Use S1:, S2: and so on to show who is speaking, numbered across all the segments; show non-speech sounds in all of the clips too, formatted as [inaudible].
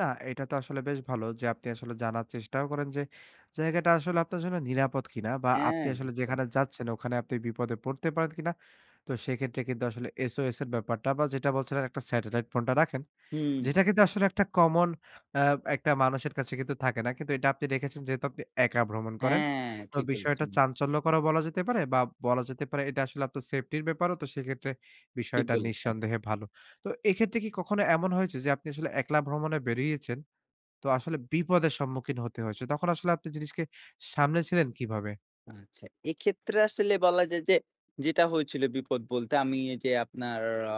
S1: না এইটা তো আসলে বেশ ভালো যে, আপনি আসলে জানার চেষ্টাও করেন যে, জায়গাটা আসলে আপনার জন্য নিরাপদ কিনা? বা
S2: হ্যাঁ,
S1: আপনি আসলে
S2: একদম।
S1: যেখানে যাচ্ছেন, ওখানে আপনি বিপদে পড়তে পারেন কিনা? তো সেক্ষেত্রে কিন্তু আসলে SOS এর ব্যাপারটা বা, যেটা বলছিলেন একটা স্যাটেলাইট ফোনটা রাখেন।
S2: হুম।
S1: যেটা কিন্তু আসলে একটা কমন অ্যা একটা মানুষের কাছে কিন্তু থাকে না। কিন্তু এটা আপনি রেখেছেন, যেহেতু আপনি একা ভ্রমণ করেন।
S2: হ্যাঁ!
S1: তো
S2: ঠিক
S1: বিষয়টা
S2: বলেছেন।
S1: চাঞ্চল্যকরও বলা যেতে পারে বা বলা যেতে পারে এটা আসলে আপনার সেফটির ব্যাপারও তো সেক্ষেত্রে,
S2: ঠিক
S1: বিষয়টা
S2: বলেছেন।
S1: নিঃসন্দেহে ভালো। তো এক্ষেত্রে কি কখনো এমন হয়েছে যে আপনি আসলে একলা ভ্রমণে বেরিয়েছেন, তো আসলে বিপদের সম্মুখীন হতে হয়েছে? তখন আসলে আপনি জিনিসকে সামলেছিলেন কিভাবে?
S2: আচ্ছা। এক্ষেত্রে আসলে বলা যায় যে, যেটা হয়েছিল বিপদ বলতে, আমি এইযে আপনার আ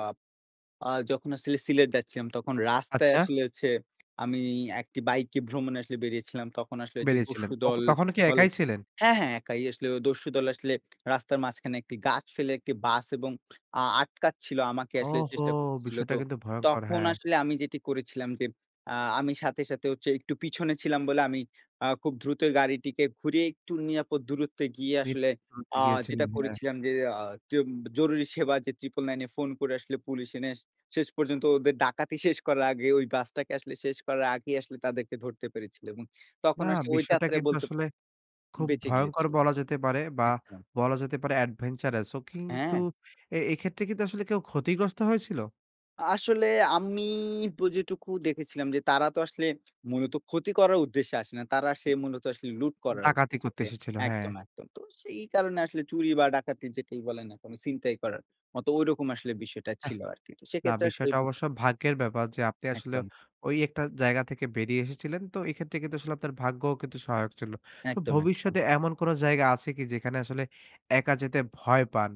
S2: আ যখন আসলে সিলেট যাচ্ছিলাম, তখন রাস্তায়
S1: আচ্ছা।
S2: আসলে হচ্ছে [smacks lips] আমি একটি বাইকে ভ্রমণে আসলে বেরিয়েছিলাম। তখন আসলে ঐযে
S1: বেরিয়েছিলেন। অখ
S2: দস্যুদল
S1: তখন কি
S2: বলে
S1: একাই ছিলেন?
S2: হ্যাঁ, হ্যাঁ, একাই আসলে ও দস্যুদল আসলে রাস্তার মাঝখানে একটি গাছ ফেলে একটি বাস এবং আ আটকাচ্ছিল। আমাকে আসলে
S1: ওহহো!
S2: চেষ্টা করতেছিল
S1: বিষয়টা
S2: তো,
S1: কিন্তু ভয়ংকর!
S2: তখন
S1: হ্যাঁ।
S2: আসলে আমি যেটি করেছিলাম যে, আ আমি সাথে, সাথে হচ্ছে একটু পিছনে ছিলাম বলে আমি আ খুব দ্রুত গাড়িটিকে ঘুরিয়ে একটু নিরাপদ দূরত্বে গিয়ে
S1: [unintelligible]
S2: আসলে আ যেটা
S1: গিয়েছিলেন, হ্যাঁ।
S2: করেছিলাম যে আ তিওব জরুরি সেবা যে 999 এ ফোন করে আসলে পুলিশ এনে শেষ পর্যন্ত ওদের ডাকাতি [scoffs] শেষ করার আগে ওই বাসটাকে আসলে শেষ করার আগেই আসলে তাদেরকে ধরতে পেরেছিলো। এবং
S1: না,
S2: তখন আসলে ওই
S1: বিষয়টা
S2: যাত্রায়
S1: কিন্তু
S2: বলতে
S1: আসলে খুব
S2: বেঁচে
S1: ভয়ংকর
S2: গিয়েছিল
S1: বলা যেতে পারে। বা,
S2: একদম।
S1: বলা যেতে পারে এডভেঞ্চারাস ও। কিন্তু
S2: হ্যাঁ।
S1: এ এক্ষেত্রে কিন্তু আসলে কেউ ক্ষতিগ্রস্ত হয়েছিল?
S2: আসলে আমি বু যেটুকু দেখেছিলাম যে, তারা তো আসলে মূলত ক্ষতি করার উদ্দেশ্যে আসে না। তারা আসে
S1: উম
S2: মূলত আসলে লুট
S1: ছ
S2: করার
S1: ডাকাতি করতে
S2: উদ্দেশ্যেতে
S1: এসেছিল। হ্যাঁ।
S2: একদম, একদম। তো সেই কারণে আসলে চুরি বা ডাকাতি যেটাই বলেন না কেন? ছিনতাই করার মতো ঐরকম আসলে বিষয়টা
S1: আহ
S2: ছিল আরকি। তো
S1: না
S2: সেক্ষেত্রে আসলে
S1: বিষয়টা অবশ্য
S2: [unintelligible]
S1: ভাগ্যের ব্যাপার যে আপনি আসলে
S2: একদম।
S1: ওই একটা জায়গা থেকে বেরিয়ে এসেছিলেন। তো এক্ষেত্রে কিন্তু আসলে আপনার ভাগ্যও কিন্তু সহায়ক ছিল। তো
S2: একদম, একদম।
S1: ভবিষ্যতে এমন কোন জায়গা আছে কি? যেখানে আসলে একা যেতে ভয় পান?